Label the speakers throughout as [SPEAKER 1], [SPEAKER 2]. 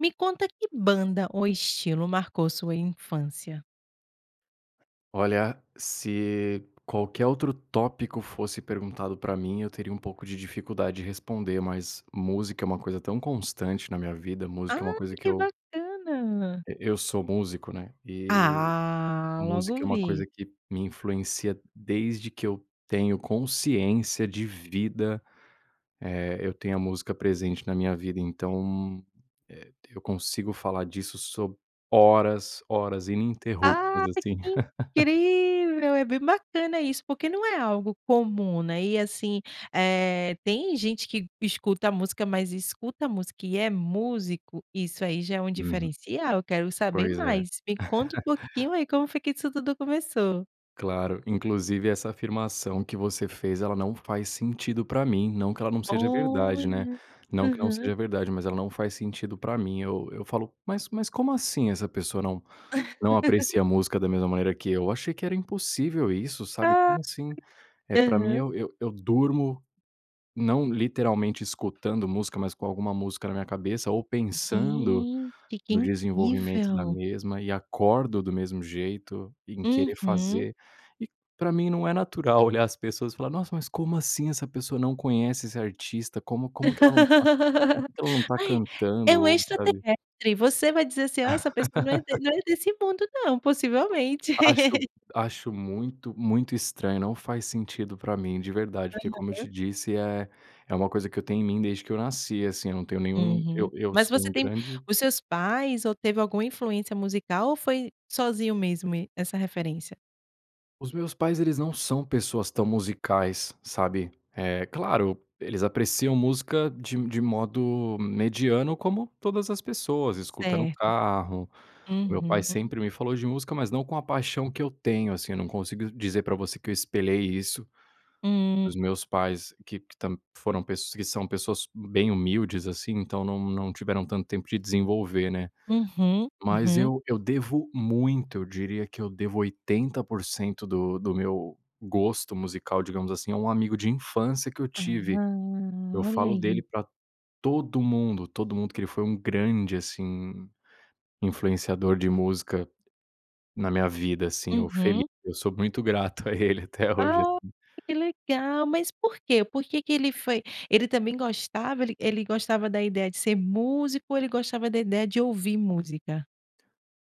[SPEAKER 1] Me conta que banda ou estilo marcou sua infância?
[SPEAKER 2] Olha, se qualquer outro tópico fosse perguntado pra mim, eu teria um pouco de dificuldade de responder, mas, música é uma coisa tão constante na minha vida. Música é uma
[SPEAKER 1] Ai,
[SPEAKER 2] coisa que
[SPEAKER 1] que
[SPEAKER 2] eu
[SPEAKER 1] bacana.
[SPEAKER 2] E eu sou músico, né, e
[SPEAKER 1] Ah.
[SPEAKER 2] música é
[SPEAKER 1] Logo
[SPEAKER 2] uma coisa
[SPEAKER 1] vi.
[SPEAKER 2] que me influencia desde que eu tenho consciência de vida. Eh, eu tenho a música presente na minha vida. Então, eh, eu consigo falar disso so horas, horas ininterruptas,
[SPEAKER 1] Ai,
[SPEAKER 2] assim.
[SPEAKER 1] que incrível. É bem bacana isso, porque não é algo comum, né, e assim, eh, tem gente que escuta música, mas escuta música e é músico. Isso aí já é um
[SPEAKER 2] Uhum.
[SPEAKER 1] diferencial. Quero saber
[SPEAKER 2] Pois é.
[SPEAKER 1] mais, me conta um pouquinho aí, como foi que isso tudo começou?
[SPEAKER 2] Claro. Inclusive essa afirmação que você fez, ela não faz sentido pra mim. Não que ela não seja verdade, né.
[SPEAKER 1] Olha.
[SPEAKER 2] Não que não
[SPEAKER 1] Aham.
[SPEAKER 2] seja verdade, mas ela não faz sentido pra mim. Eu eu falo, mas, mas como assim, essa pessoa não, não aprecia música da mesma maneira que eu. Achei que era impossível isso, sabe,
[SPEAKER 1] Ai,
[SPEAKER 2] como assim? Eh, pra mim,
[SPEAKER 1] Aham.
[SPEAKER 2] eu eu, eu durmo, não literalmente escutando música, mas com alguma música na minha cabeça, ou pensando
[SPEAKER 1] Gente. Que
[SPEAKER 2] no desenvolvimento da
[SPEAKER 1] incrível.
[SPEAKER 2] mesma e acordo do mesmo jeito, em querer
[SPEAKER 1] Uhum.
[SPEAKER 2] fazer, e pra mim, não é natural olhar as pessoas e falar: "Nossa, mas como assim, essa pessoa não conhece esse artista? Como como que ela não tá, [unintelligible] porque que ela não tá
[SPEAKER 1] Ai. É
[SPEAKER 2] cantando
[SPEAKER 1] um
[SPEAKER 2] ou, sabe".
[SPEAKER 1] extraterrestre. Você vai dizer assim: "Ó, essa pessoa não é de, não é desse mundo, não, possivelmente".
[SPEAKER 2] Acho acho muito muito estranho. Não faz sentido pra mim, de verdade, porque, como eu te
[SPEAKER 1] Aham.
[SPEAKER 2] disse, eh, é uma coisa que eu tenho em mim desde que eu nasci, assim, eu não tenho nenhum. Eu
[SPEAKER 1] Uhum.
[SPEAKER 2] eu
[SPEAKER 1] Mas
[SPEAKER 2] sou
[SPEAKER 1] você
[SPEAKER 2] um
[SPEAKER 1] tem
[SPEAKER 2] grande
[SPEAKER 1] os seus pais ou, teve alguma influência musical ou foi sozinho mesmo essa referência?
[SPEAKER 2] Os meus pais, eles não são pessoas tão musicais, sabe? É claro, eles apreciam música de de modo mediano, como todas as pessoas, escuta no
[SPEAKER 1] Certo.
[SPEAKER 2] carro. O meu pai
[SPEAKER 1] Uhum.
[SPEAKER 2] sempre me falou de música, mas não com a paixão que eu tenho, assim. Eu não consigo dizer pra você que eu espelhei isso
[SPEAKER 1] Hum
[SPEAKER 2] dos meus pais, que que tam que foram pes que são pessoas bem humildes, assim, então não não tiveram tanto tempo de desenvolver, né?
[SPEAKER 1] Uhum,
[SPEAKER 2] Mas
[SPEAKER 1] uhum.
[SPEAKER 2] eu eu devo muito, eu diria que devo 80% do do meu gosto musical, digamos assim, a um amigo de infância que eu
[SPEAKER 1] Ah,
[SPEAKER 2] tive. Eu
[SPEAKER 1] olha
[SPEAKER 2] falo dele
[SPEAKER 1] aí.
[SPEAKER 2] pra todo mundo, todo mundo, que ele foi um grande, assim, influenciador de música na minha vida, assim. O
[SPEAKER 1] Uhum.
[SPEAKER 2] Felipe, eu sou muito grato a ele até hoje,
[SPEAKER 1] Ah,
[SPEAKER 2] assim.
[SPEAKER 1] que legal. Mas por quê? Por que ele foi Ele também gostava? Ele ele gostava da ideia de ser músico ou ele gostava da ideia de ouvir música?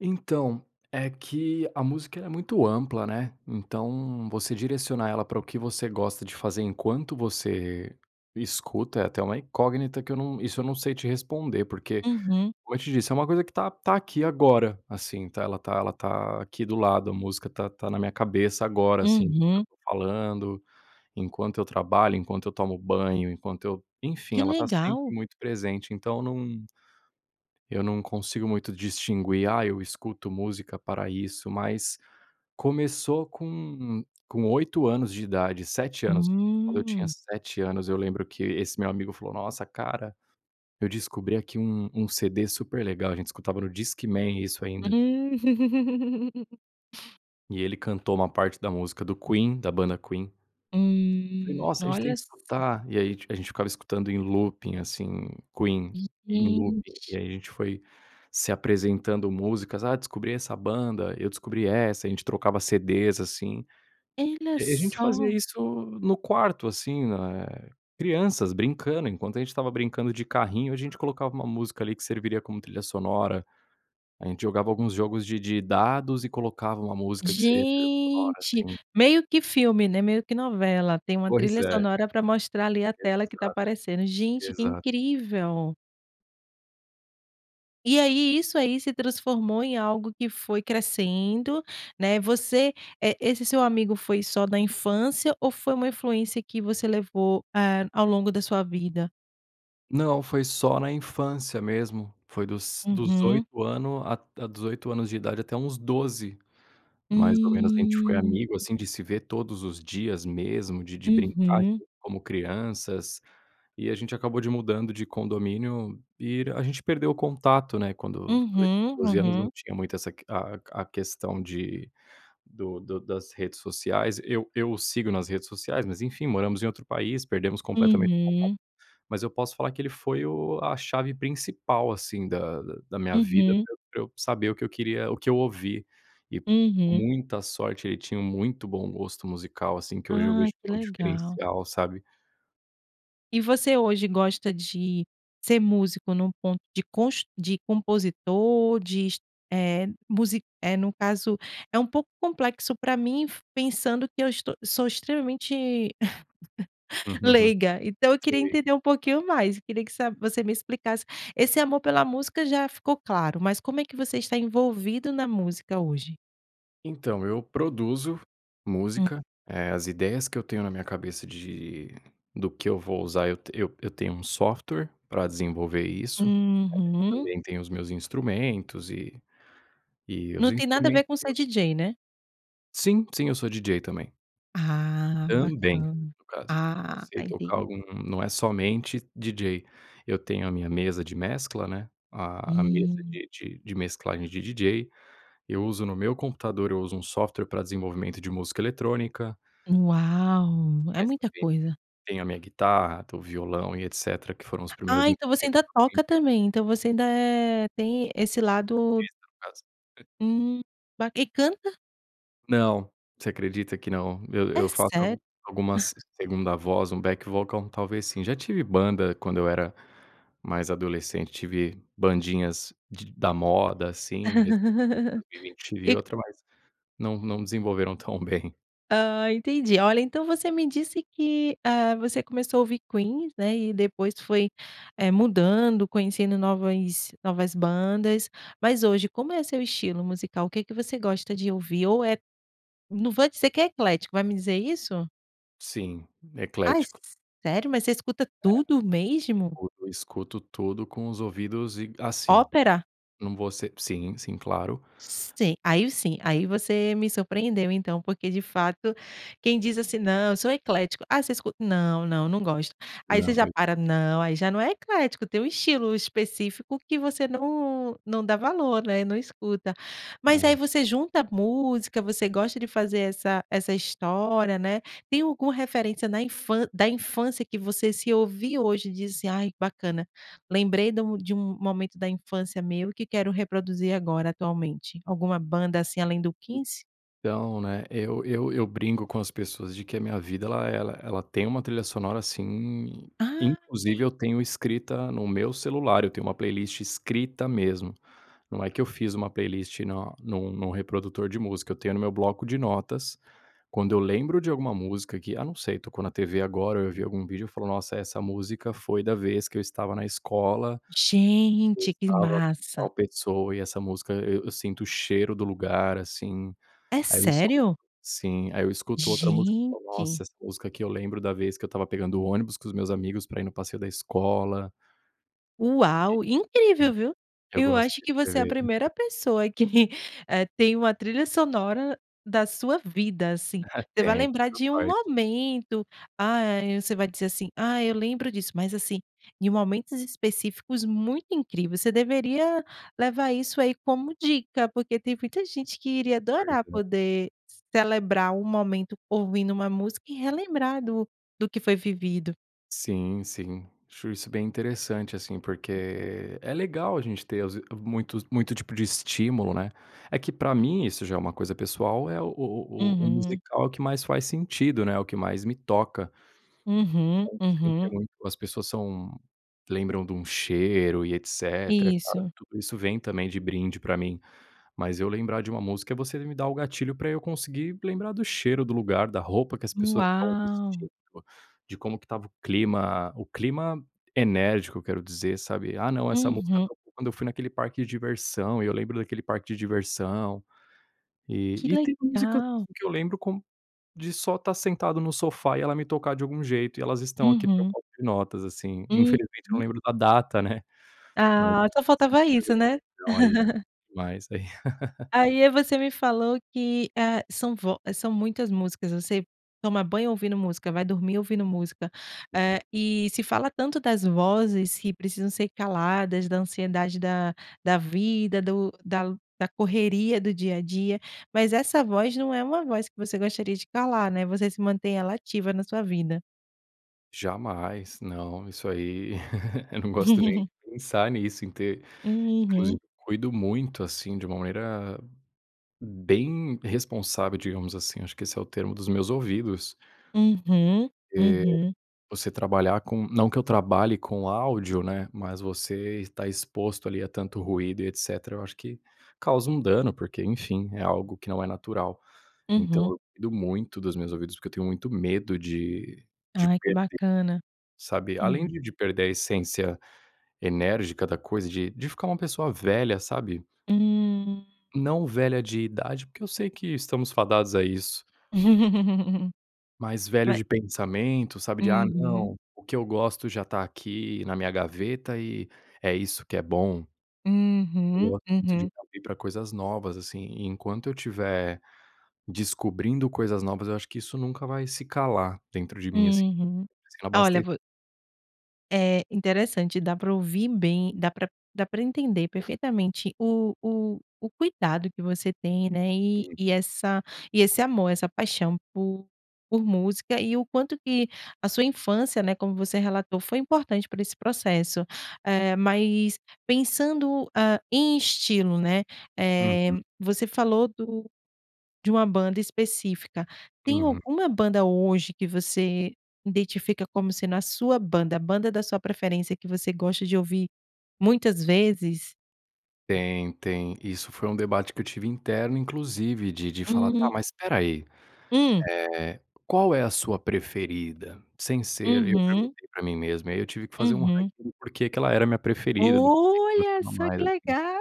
[SPEAKER 2] Então é que a música, ela é muito ampla, né? Então você direcionar ela para o que você gosta de fazer enquanto você escuta é até uma incógnita que eu não isso eu não sei te responder, porque,
[SPEAKER 1] Uhum.
[SPEAKER 2] como eu te disse, é uma coisa que tá tá aqui agora, assim, tá ela tá ela tá aqui do lado. A música está na minha cabeça agora, assim, enquanto eu
[SPEAKER 1] Uhum.
[SPEAKER 2] estou falando, enquanto eu trabalho, enquanto eu tomo banho, enquanto eu, enfim,
[SPEAKER 1] Que
[SPEAKER 2] ela está
[SPEAKER 1] legal!
[SPEAKER 2] sempre muito presente, então não eu não consigo muito distinguir, ah, eu escuto música pra isso, mas começou com com 8 anos de idade, 7 anos. Quando eu tinha
[SPEAKER 1] Hum.
[SPEAKER 2] 7 anos, eu lembro que esse meu amigo falou: "Nossa, cara, eu descobri aqui um um CD super legal." A gente escutava no Discman isso ainda.
[SPEAKER 1] Hum.
[SPEAKER 2] E ele cantou uma parte da música do Queen, da banda Queen. Falei:
[SPEAKER 1] Hum,
[SPEAKER 2] "Nossa, a gente tem
[SPEAKER 1] olha
[SPEAKER 2] que
[SPEAKER 1] só.
[SPEAKER 2] escutar." E aí a gente ficava escutando em looping assim, Queen em looping e
[SPEAKER 1] Gente.
[SPEAKER 2] aí a gente foi se apresentando músicas. "Ah, descobri essa banda", "Eu descobri essa", a gente trocava CDs assim.
[SPEAKER 1] Olha
[SPEAKER 2] E a gente
[SPEAKER 1] só!
[SPEAKER 2] fazia isso no quarto. Assim, na crianças brincando. Enquanto a gente estava brincando de carrinho, a gente colocava uma música ali que serviria como trilha sonora. A gente jogava alguns jogos de de dados e colocava uma música que seria trilha sonora,
[SPEAKER 1] Gente,
[SPEAKER 2] assim.
[SPEAKER 1] meio que filme, né. Meio que novela, tem uma
[SPEAKER 2] Pois
[SPEAKER 1] trilha
[SPEAKER 2] é.
[SPEAKER 1] sonora para mostrar ali a tela que está
[SPEAKER 2] Exato,
[SPEAKER 1] aparecendo. Gente que
[SPEAKER 2] exato.
[SPEAKER 1] incrível! E aí, isso aí se transformou em algo que foi crescendo, né. Você, eh, esse seu amigo, foi só da infância? Ou foi uma influência que você levou, eh, ao longo da sua vida.
[SPEAKER 2] Não foi só na infância mesmo. Foi dos dos
[SPEAKER 1] Uhum.
[SPEAKER 2] 8 ano a a dos 8 anos de idade até uns 12, mais ou menos. A gente foi
[SPEAKER 1] Hum.
[SPEAKER 2] amigo, assim, de se ver todos os dias, mesmo de de brincar
[SPEAKER 1] Uhum.
[SPEAKER 2] como crianças e a gente acabou de mudando de condomínio e a gente perdeu o contato, né. Quando quando eu tinha
[SPEAKER 1] Uhum,
[SPEAKER 2] 12 anos, não
[SPEAKER 1] uhum.
[SPEAKER 2] tinha muito essa que a a questão de do do das redes sociais, eu eu sigo nas redes sociais, mas enfim, moramos em outro país, perdemos completamente o
[SPEAKER 1] Uhum.
[SPEAKER 2] contato. Mas eu posso falar que ele foi o a chave principal, assim, da da da minha vida
[SPEAKER 1] Uhum.
[SPEAKER 2] pra eu pra eu saber o que eu queria o que eu ouvi e com
[SPEAKER 1] Uhum.
[SPEAKER 2] muita sorte. Ele tinha um muito bom gosto musical, assim, que hoje eu vejo
[SPEAKER 1] Ai, que
[SPEAKER 2] é um
[SPEAKER 1] legal.
[SPEAKER 2] diferencial, sabe.
[SPEAKER 1] E você hoje, gosta de ser músico num ponto de cons de compositor, de es eh, musi eh, no caso é um pouco complexo pra mim, f pensando que eu est sou extremamente leiga. Então, eu queria
[SPEAKER 2] Sei.
[SPEAKER 1] entender um pouquinho mais. Eu queria que sa você me explicasse. Esse amor pela música já ficou claro. Mas, como é que você está envolvido na música hoje?
[SPEAKER 2] Então, eu produzo
[SPEAKER 1] Hum.
[SPEAKER 2] música. Eh, as ideias que eu tenho na minha cabeça de do que eu vou usar, eu t eu eu tenho um software pra desenvolver isso. Eh,
[SPEAKER 1] Uhum.
[SPEAKER 2] também, tenho os meus instrumentos e, e os
[SPEAKER 1] Não tem nada a ver
[SPEAKER 2] instrumentos
[SPEAKER 1] com ser DJ, né?
[SPEAKER 2] Sim. Sim, eu sou DJ, também.
[SPEAKER 1] Ah,
[SPEAKER 2] Também,
[SPEAKER 1] bacana.
[SPEAKER 2] no caso. Eu
[SPEAKER 1] Ah,
[SPEAKER 2] sei tocar
[SPEAKER 1] entendi.
[SPEAKER 2] algum não é somente DJ. Eu tenho a minha mesa de mescla, né, a a mesa
[SPEAKER 1] Hum.
[SPEAKER 2] de de de mesclagem de DJ. Eu uso no meu computador eu uso um software pra desenvolvimento de música eletrônica
[SPEAKER 1] Uau! É
[SPEAKER 2] mas,
[SPEAKER 1] muita
[SPEAKER 2] também, t
[SPEAKER 1] coisa.
[SPEAKER 2] tenho a minha guitarra, t o violão e etc. Que foram os primeiros
[SPEAKER 1] Ah, então você
[SPEAKER 2] instrumentos
[SPEAKER 1] ainda
[SPEAKER 2] que eu
[SPEAKER 1] toca
[SPEAKER 2] aprendi.
[SPEAKER 1] também? Então, você ainda é, tem esse lado
[SPEAKER 2] Artista, no caso.
[SPEAKER 1] Hum, ba E canta?
[SPEAKER 2] Não, você acredita que não, eu
[SPEAKER 1] É
[SPEAKER 2] eu faço
[SPEAKER 1] sério.
[SPEAKER 2] algumas segunda voz, um back vocal, talvez sim, já tive banda quando eu era mais adolescente, tive bandinhas de da moda, assim, recentemente eu tive
[SPEAKER 1] E c
[SPEAKER 2] outra mas não não desenvolveram tão bem.
[SPEAKER 1] Ah, entendi, olha, então você me disse que, ah, você começou a ouvir Queen, né, e depois foi eh, mudando, conhecendo novas novas bandas. Mas hoje, como é seu estilo musical? O que que você gosta de ouvir, ou é não vou dizer que é eclético, vai me dizer isso?
[SPEAKER 2] Sim,
[SPEAKER 1] Ai
[SPEAKER 2] eclético.
[SPEAKER 1] sério, mas você escuta
[SPEAKER 2] É,
[SPEAKER 1] tudo mesmo?
[SPEAKER 2] eu escuto tudo com os ouvidos e assim,
[SPEAKER 1] Ópera?
[SPEAKER 2] não vou ser sim, sim, claro.
[SPEAKER 1] Sim, aí sim, aí você me surpreendeu então, porque de fato quem diz, assim: "Não, eu sou eclético ‘ah, você escuta? ‘não, não, não gosto", aí você
[SPEAKER 2] Não eu
[SPEAKER 1] já
[SPEAKER 2] escuto
[SPEAKER 1] para não, “aí já não é eclético“, tem um estilo específico que você não não dá valor, né, não escuta mas aí
[SPEAKER 2] Não.
[SPEAKER 1] você junta a música, você gosta de fazer essa essa história, né. Tem alguma referência na infân da infância que você se ouvir hoje e disse: “Ai, que bacana, lembrei de um de um momento da infância meu que quero reproduzir agora atualmente”’, alguma banda assim, além do Queen?
[SPEAKER 2] Então, né, eu eu, eu brinco com as pessoas de que a minha vida ela ela ela tem uma trilha sonora sim, inclusive
[SPEAKER 1] Ai.
[SPEAKER 2] eu tenho escrita no meu celular, eu tenho uma playlist escrita mesmo, não é que eu fiz uma playlist na num num reprodutor de música, eu tenho no meu bloco de notas, quando eu lembro de alguma música que, ah, não sei, tocou na TV, agora eu vi algum vídeo e falou: “Nossa, essa música foi da vez que eu estava na escola, eu
[SPEAKER 1] Gente, que
[SPEAKER 2] estava com
[SPEAKER 1] massa.
[SPEAKER 2] a pessoa e essa música eu eu sinto o cheiro do lugar, assim”,
[SPEAKER 1] É
[SPEAKER 2] aí eu escuto
[SPEAKER 1] sério?
[SPEAKER 2] sim, aí eu escuto outra música,
[SPEAKER 1] Gente.
[SPEAKER 2] "Nossa, essa música que eu lembro da vez que eu estava pegando o ônibus com os meus amigos para ir no passeio da escola".
[SPEAKER 1] Uau,
[SPEAKER 2] Desde pequeno
[SPEAKER 1] incrível viu,
[SPEAKER 2] eu
[SPEAKER 1] eu
[SPEAKER 2] gosto
[SPEAKER 1] acho
[SPEAKER 2] de
[SPEAKER 1] que você é a
[SPEAKER 2] escrever.
[SPEAKER 1] primeira pessoa que, eh, tem uma trilha sonora da sua vida, assim,
[SPEAKER 2] Ah
[SPEAKER 1] você vai
[SPEAKER 2] tenho,
[SPEAKER 1] lembrar
[SPEAKER 2] cada
[SPEAKER 1] de um
[SPEAKER 2] parte.
[SPEAKER 1] momento, ah, você vai dizer, assim: "Ah, eu lembro disso", mas, assim, de momentos específicos muito incrível. Você deveria levar isso aí como dica, porque tem muita gente que iria
[SPEAKER 2] Pois
[SPEAKER 1] adorar
[SPEAKER 2] é.
[SPEAKER 1] poder celebrar um momento ouvindo uma música e relembrar do do que foi vivido.
[SPEAKER 2] Sim, sim. Acho isso bem interessante, assim, porque é legal a gente ter as muitos muito tipo de estímulo, né? É que, para mim, isso já é uma coisa pessoal, é o o o o o
[SPEAKER 1] Uhum.
[SPEAKER 2] musical que mais faz sentido, né. O que mais me toca.
[SPEAKER 1] Uhum,
[SPEAKER 2] Falam sempre
[SPEAKER 1] uhum.
[SPEAKER 2] muito, as pessoas são lembram de um cheiro e etc. Claro
[SPEAKER 1] Isso.
[SPEAKER 2] que tudo isso vem também de brinde pra mim, mas eu lembrar de uma música, é você me dar o gatilho para eu conseguir lembrar do cheiro, do lugar, da roupa que as pessoas estão
[SPEAKER 1] Uau!
[SPEAKER 2] vestindo, de como que estava o clima. O clima enérgico, eu quero dizer, sabe? "Ah, não, essa música
[SPEAKER 1] Uhum.
[SPEAKER 2] tocou quando eu fui naquele parque de diversão", e eu lembro daquele parque de diversão,
[SPEAKER 1] Que
[SPEAKER 2] e e tem músicas
[SPEAKER 1] legal!
[SPEAKER 2] que eu lembro como de só estar sentado no sofá e ela me tocar de algum jeito. E elas estão aqui no meu
[SPEAKER 1] Uhum.
[SPEAKER 2] bloco de notas, assim. Infelizmente, eu não
[SPEAKER 1] Uhum.
[SPEAKER 2] lembro da data, né. [unintelligible]
[SPEAKER 1] Ah, só faltava isso, né?
[SPEAKER 2] Seria demais, ai
[SPEAKER 1] Aí, eh, você me falou que, eh, são vo são muitas músicas. Você toma banho ouvindo música, vai dormir ouvindo música. Eh e se fala tanto das vozes, que precisam ser caladas, da ansiedade, da da vida, do da da correria do dia a dia. Mas essa voz não é uma voz que você gostaria de calar, né? Você sim, mantém ela ativa na sua vida.
[SPEAKER 2] Jamais! Não, isso aí Eu não gosto nem de pensar nisso em ter inclusive
[SPEAKER 1] Uhum.
[SPEAKER 2] cuido muito, assim, de uma maneira bem responsável, digamos assim, acho que esse é o termo, dos meus ouvidos.
[SPEAKER 1] Uhum,
[SPEAKER 2] Eh,
[SPEAKER 1] uhum.
[SPEAKER 2] você trabalhar com não que eu trabalhe com áudio, né, mas você está exposto ali a tanto ruído e etc. Eu acho que causa um dano, porque, enfim, é algo que não é natural, então
[SPEAKER 1] Uhum.
[SPEAKER 2] eu cuido muito dos meus ouvidos, porque eu tenho muito medo de de
[SPEAKER 1] Ai que
[SPEAKER 2] perder,
[SPEAKER 1] bacana,
[SPEAKER 2] sabe, além
[SPEAKER 1] uhum.
[SPEAKER 2] de de perder a essência enérgica da coisa, de de ficar uma pessoa velha, sabe.
[SPEAKER 1] Hum.
[SPEAKER 2] Não velha de idade, porque eu sei que estamos fadados a isso. Mas velhos
[SPEAKER 1] Vai
[SPEAKER 2] de pensamento, sabe, de: "Ah,
[SPEAKER 1] Uhum.
[SPEAKER 2] não, o que eu gosto já está aqui na minha gaveta e é isso que é bom." Eu
[SPEAKER 1] Uhum,
[SPEAKER 2] gosto muito de
[SPEAKER 1] uhum.
[SPEAKER 2] me abrir coisas novas, assim, enquanto eu tiver descobrindo coisas novas, eu acho que isso nunca vai se calar dentro de mim, assim,
[SPEAKER 1] Uhum,
[SPEAKER 2] sem
[SPEAKER 1] olha,
[SPEAKER 2] abaste
[SPEAKER 1] vo Eh, interessante, dá para ouvir bem, dá pra dá pra entender perfeitamente o o o cuidado que você tem, né? E e
[SPEAKER 2] Uhum.
[SPEAKER 1] essa e esse amor, essa paixão por por música e o quanto que a sua infância, né, como você relatou, foi importante para esse processo. Eh, mas pensando, ah, em estilo, né, eh,
[SPEAKER 2] Uhum.
[SPEAKER 1] você falou do de uma banda específica. Tem
[SPEAKER 2] Uhum.
[SPEAKER 1] alguma banda hoje que você identifica como sendo a sua banda, a banda da sua preferência, que você gosta de ouvir muitas vezes?
[SPEAKER 2] Tem, tem. Isso foi um debate que eu tive interno, inclusive, de de falar "Tá,
[SPEAKER 1] Uhum.
[SPEAKER 2] mas espera aí,
[SPEAKER 1] Hum.
[SPEAKER 2] eh, qual é a sua preferida?" Sem ser eu
[SPEAKER 1] Uhum.
[SPEAKER 2] perguntei para mim mesmo e aí eu tive que fazer um
[SPEAKER 1] Uhum.
[SPEAKER 2] ranking do porque que ela era a minha preferida do que que eu
[SPEAKER 1] Olha
[SPEAKER 2] gostava
[SPEAKER 1] só,
[SPEAKER 2] mais,
[SPEAKER 1] que
[SPEAKER 2] assim.
[SPEAKER 1] legal!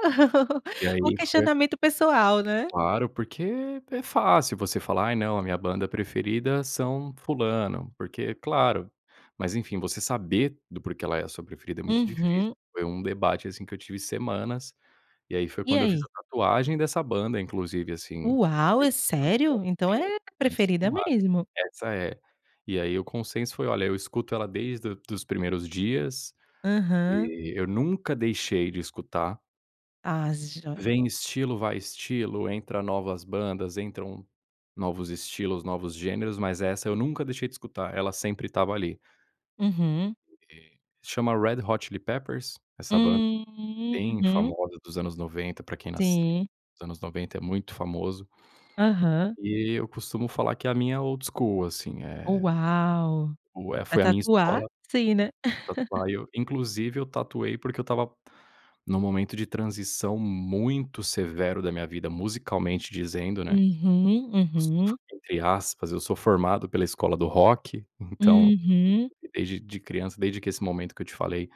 [SPEAKER 2] E
[SPEAKER 1] Um
[SPEAKER 2] aí foi
[SPEAKER 1] questionamento pessoal, né?
[SPEAKER 2] Claro, porque é fácil você falar "Ai, não, a minha banda preferida são fulano, porque" Claro, mas enfim, você saber do porque ela é a sua preferida é muito difícil.
[SPEAKER 1] Uhum.
[SPEAKER 2] Foi um debate, assim, que eu tive semanas. E aí foi
[SPEAKER 1] E
[SPEAKER 2] quando eu fiz
[SPEAKER 1] aí?
[SPEAKER 2] a tatuagem dessa banda, inclusive assim.
[SPEAKER 1] Uau! É sério? Então
[SPEAKER 2] Porque
[SPEAKER 1] é preferida
[SPEAKER 2] [unintelligible]
[SPEAKER 1] mesmo.
[SPEAKER 2] essa é e aí o consenso foi olha, eu escuto ela desde do dos primeiros dias
[SPEAKER 1] Aham.
[SPEAKER 2] e eu nunca deixei de escutar.
[SPEAKER 1] Ah, joia.
[SPEAKER 2] Vem estilo, vai estilo, entra novas bandas, entram novos estilos, novos gêneros, mas essa eu nunca deixei de escutar. Ela sempre estava ali. É
[SPEAKER 1] Uhum.
[SPEAKER 2] chama Red Hot Chili Peppers. Essa banda bem
[SPEAKER 1] Uhum.
[SPEAKER 2] famosa dos anos 90, para quem nasceu
[SPEAKER 1] Sim.
[SPEAKER 2] nos anos 90 é muito famoso.
[SPEAKER 1] Aham.
[SPEAKER 2] E eu costumo falar que a minha é old school, assim, eh
[SPEAKER 1] Uau.
[SPEAKER 2] o eh,
[SPEAKER 1] Pra
[SPEAKER 2] foi a minha
[SPEAKER 1] tatuar,
[SPEAKER 2] escola
[SPEAKER 1] sim, né?
[SPEAKER 2] [unintelligible] tatuar e eu, inclusive, eu tatuei porque eu estava num momento de transição muito severo da minha vida, musicalmente dizendo, né?
[SPEAKER 1] Uhum,
[SPEAKER 2] [unintelligible]
[SPEAKER 1] uhum.
[SPEAKER 2] entre aspas, eu sou formado pela escola do rock, então
[SPEAKER 1] Uhum.
[SPEAKER 2] desde de criança, desde que esse momento que eu te falei,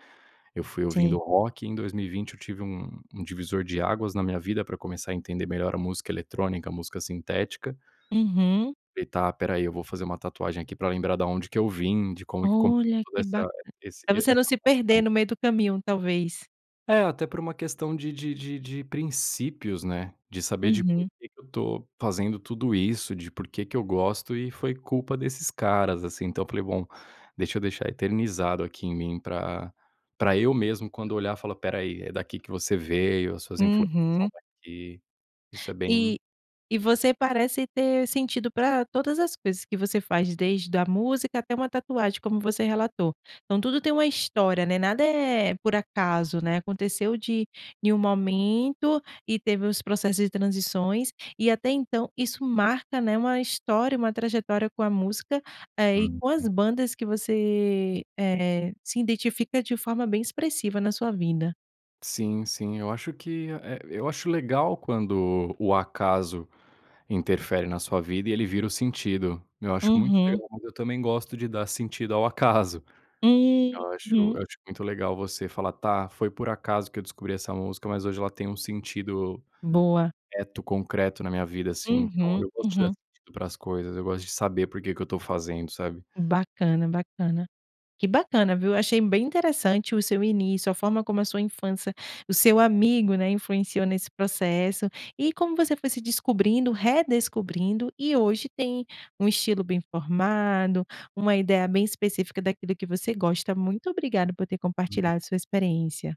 [SPEAKER 2] eu fui ouvindo
[SPEAKER 1] Sim.
[SPEAKER 2] rock e em 2020 eu tive um um divisor de águas na minha vida para começar a entender melhor a música eletrônica, a música sintética.
[SPEAKER 1] Uhum.
[SPEAKER 2] E tá, espera aí, eu vou fazer uma tatuagem aqui para lembrar da onde que eu vim, de como que começou
[SPEAKER 1] Olha
[SPEAKER 2] toda
[SPEAKER 1] que bacan
[SPEAKER 2] essa esse e
[SPEAKER 1] Para você
[SPEAKER 2] essa
[SPEAKER 1] não se perder no
[SPEAKER 2] paixão.
[SPEAKER 1] meio do caminho, talvez.
[SPEAKER 2] É, até por uma questão de de de de princípios, né. De saber de por
[SPEAKER 1] Uhum.
[SPEAKER 2] que que eu tô fazendo tudo isso, de por que que eu gosto, e foi culpa desses caras, assim. Então, eu falei: "Bom, deixa eu deixar eternizado aqui em mim pra pra eu mesmo, quando olhar, falar espera aí, é daqui que você veio, as suas influências são
[SPEAKER 1] Uhum.
[SPEAKER 2] daqui." Isso é bem
[SPEAKER 1] E e você parece ter sentido pra todas as coisas que você faz, desde a música, até uma tatuagem, como você relatou. Então, tudo tem uma história, né. Nada é por acaso, né. Aconteceu de em um momento e teve os processos de transições e, até então, isso marca, né, uma história, uma trajetória com a música, eh, e com as
[SPEAKER 2] Uhum.
[SPEAKER 1] bandas que você, eh, se identifica de forma bem expressiva na sua vida.
[SPEAKER 2] Sim, sim. Eu acho que a eh, eu acho legal quando o acaso interfere na sua vida e ele vira o sentido. Eu acho muito
[SPEAKER 1] Uhum.
[SPEAKER 2] legal, mas eu também gosto de dar sentido ao acaso. Eu acho, eu
[SPEAKER 1] Uhum.
[SPEAKER 2] acho muito legal você falar: "Tá, foi por acaso que eu descobri essa música, mas hoje ela tem um sentido
[SPEAKER 1] Boa.
[SPEAKER 2] reto, concreto na minha vida, assim." Então
[SPEAKER 1] Uhum.
[SPEAKER 2] eu gosto de dar
[SPEAKER 1] Uhum.
[SPEAKER 2] sentido para as coisas. Eu gosto de saber por que que eu tô fazendo, sabe?
[SPEAKER 1] Bacana, bacana. Que bacana, viu. Achei bem interessante o seu início, a forma como a sua infância o seu amigo, né, influenciou nesse processo e como você foi se descobrindo, redescobrindo e, hoje tem um estilo bem formado, uma ideia bem específica daquilo que você gosta. Muito obrigado por ter compartilhado a sua experiência.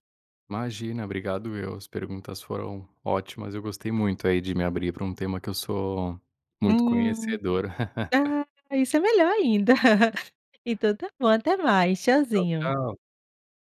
[SPEAKER 2] Imagina. Obrigado, eu. As perguntas foram ótimas. Eu gostei muito aí, de me abrir para um tema que eu sou muito
[SPEAKER 1] Hum.
[SPEAKER 2] conhecedor.
[SPEAKER 1] Ah, isso é melhor ainda. Então tá bom. Até mais.
[SPEAKER 2] Tchau,
[SPEAKER 1] Tchauzinho.
[SPEAKER 2] tchau.